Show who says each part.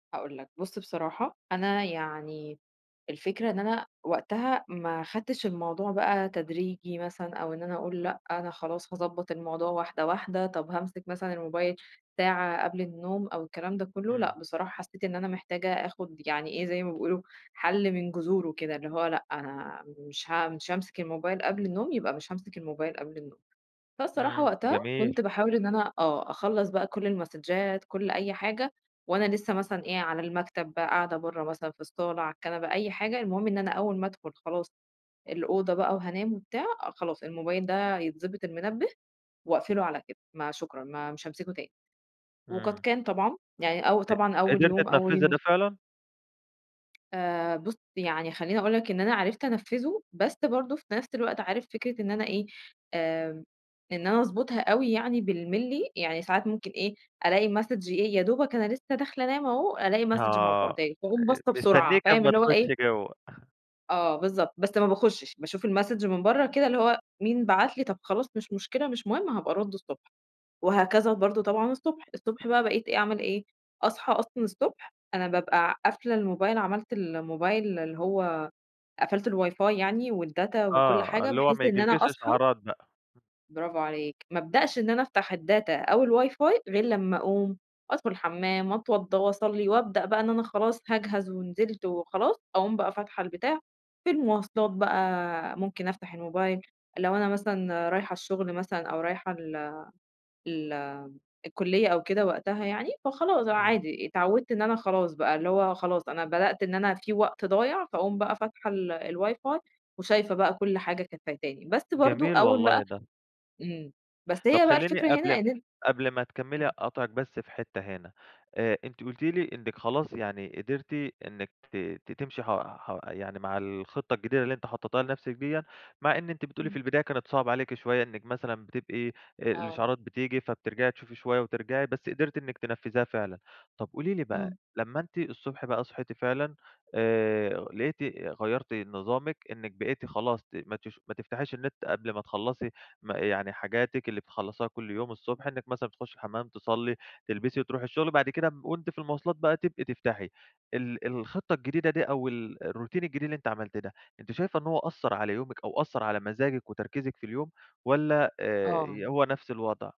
Speaker 1: هاقول لك بُص بصراحة، أنا يعني الفكرة إن أنا وقتها ما خدتش الموضوع بقى تدريجي مثلًا، أو إن أنا أقول لأ، أنا خلاص هاضبّط الموضوع واحدة واحدة، طب هامسك مثلًا الموبايل ساعة قبل النوم أو الكلام ده كلّه،
Speaker 2: إمم.
Speaker 1: لأ بصراحة حسّيت إن أنا محتاجة آخد يعني إيه زي ما بيقولوا حل من جذوره كده، اللي هو لأ أنا مش ه مش هامسك الموبايل قبل النوم، يبقى مش هامسك الموبايل قبل النوم، فالصراحة
Speaker 2: إمم،
Speaker 1: وقتها
Speaker 2: جميل.
Speaker 1: كنت باحاول إن أنا آه، أخلّص بقى كل المسدجات، كل أي حاجة وأنا لسّه مثلًا، إيه على المكتب، بقى قاعدة برّه مثلًا في الصالة على الكنبة أي حاجة، المهم إن أنا أوّل ما أدخل خلاص الأوضة بقى وهانام وبتاع، خلاص الموبايل ده يتضبط المنبه وأقفله على كده، ما شكرًا ما مش هامسكه تاني، وقد
Speaker 2: إمم.
Speaker 1: كان طبعًا، يعني او
Speaker 2: ق
Speaker 1: طبعًا أوّل
Speaker 2: قدرتِ
Speaker 1: يوم أوّل
Speaker 2: تنفذي
Speaker 1: يو
Speaker 2: ده فعلًا؟
Speaker 1: آآ بُص يعني خلّيني أقول لك إن أنا عرفت أنفّذه، بس برضه في نفس الوقت عارف فكرة إن أنا إيه، آآ إن أنا أضبطها أوي يعني بالملي، يعني ساعات ممكن إيه ألاقي Message إيه يا دوبك أنا لسّه داخلة أنام أهو، ألاقي Message
Speaker 2: آه،
Speaker 1: مبعوته لي فاقوم باصة بسرعة،
Speaker 2: مستنيكِ
Speaker 1: فاهم
Speaker 2: أما
Speaker 1: اللي هو إيه
Speaker 2: تخشي جوّا.
Speaker 1: آه، بالضبط بس ما باخشش، باشوف الMessage من برّه كده اللي هو مين بعت لي، طب خلاص مش مشكلة مش مهم هابقى أرد الصبح، وهكذا برضه طبعًا الصبح، الصبح بقى بقيت إيه أعمل إيه، أصحى أصلًا الصبح أنا بابقى قافلة الموبايل، عملت الموبايل اللي هو قفلت الواي فاي يعني والdata وكل
Speaker 2: آه،
Speaker 1: حاجة
Speaker 2: اللي هو ما
Speaker 1: بحيث إن أنا
Speaker 2: ييجيلكيش
Speaker 1: أصحى
Speaker 2: إشعارات بقى.
Speaker 1: برافو عليك، ما ابدأش إن أنا أفتح الdata أو الواي فاي غير لمّا أقوم أدخل الحمام، وأتوضّى وأصلي، وأبدأ بقى إن أنا خلاص هاجهز ونزلت وخلاص، أقوم بقى فاتحة البتاع، في المواصلات بقى ممكن أفتح الموبايل لو أنا مثلًا رايحة الشغل مثلًا أو رايحة ال ال الكلية أو كده، وقتها يعني، فخلاص
Speaker 2: إمم.
Speaker 1: عادي، اتعوّدت إن أنا خلاص بقى، اللي هو خلاص أنا بدأت إن أنا في وقت ضايع، فأقوم بقى فاتحة ال الواي فاي وشايفة بقى كل حاجة كانت فايتاني، بس برضه
Speaker 2: جميل
Speaker 1: أوّل
Speaker 2: والله
Speaker 1: بقى
Speaker 2: ده.
Speaker 1: إمم، بس
Speaker 2: طب
Speaker 1: هي بقى
Speaker 2: خلّيني
Speaker 1: الفكرة هنا
Speaker 2: قبل
Speaker 1: إن أن
Speaker 2: قبل ما تكمّلي
Speaker 1: إمم.
Speaker 2: أقاطعِك بس في حتّة هنا، آآ، أنتِ قلتِ لي إنِّك خلاص يعني قدرتِ إنِّك ت تمشي ح ح يعني مع الخطّة الجديدة اللي أنتِ حطيتيها لنفسِك ديّا، مع إن أنتِ بتقولي في
Speaker 1: إمم.
Speaker 2: البداية كانت صعبة عليكِ شويّة، إنِّك مثلًا بتبقي
Speaker 1: آه.
Speaker 2: الإشعارات بتيجي فبترجعي تشوفي شويّة وترجعي، بس قدرتِ إنِّك تنفّذيها فعلًا، طب قولي لي
Speaker 1: إمم.
Speaker 2: بقى لمّا أنتِ الصبح بقى صحيتِ فعلًا، آآ لقيتِ غيّرتِ نظامِك إنِّك بقيتِ خلاص ما تش ما تفتحيش النت قبل ما تخلّصي ما يعني حاجاتِك اللي بتخلصيها كل يوم الصبح، إنِّك مثلًا تخشي الحمام، تصلي، تلبسي وتروحي الشغل، وبعد كده وأنتِ في المواصلات بقى تبقي تفتحي ال الخطّة الجديدة دي أو ال الروتين الجديد اللي أنتِ عملتيه ده، أنتِ شايفة إن هو أثّر على يومِك أو أثّر على مزاجِك وتركيزِك في اليوم، والّا آآ،
Speaker 1: آه.
Speaker 2: هو نفس الوضع؟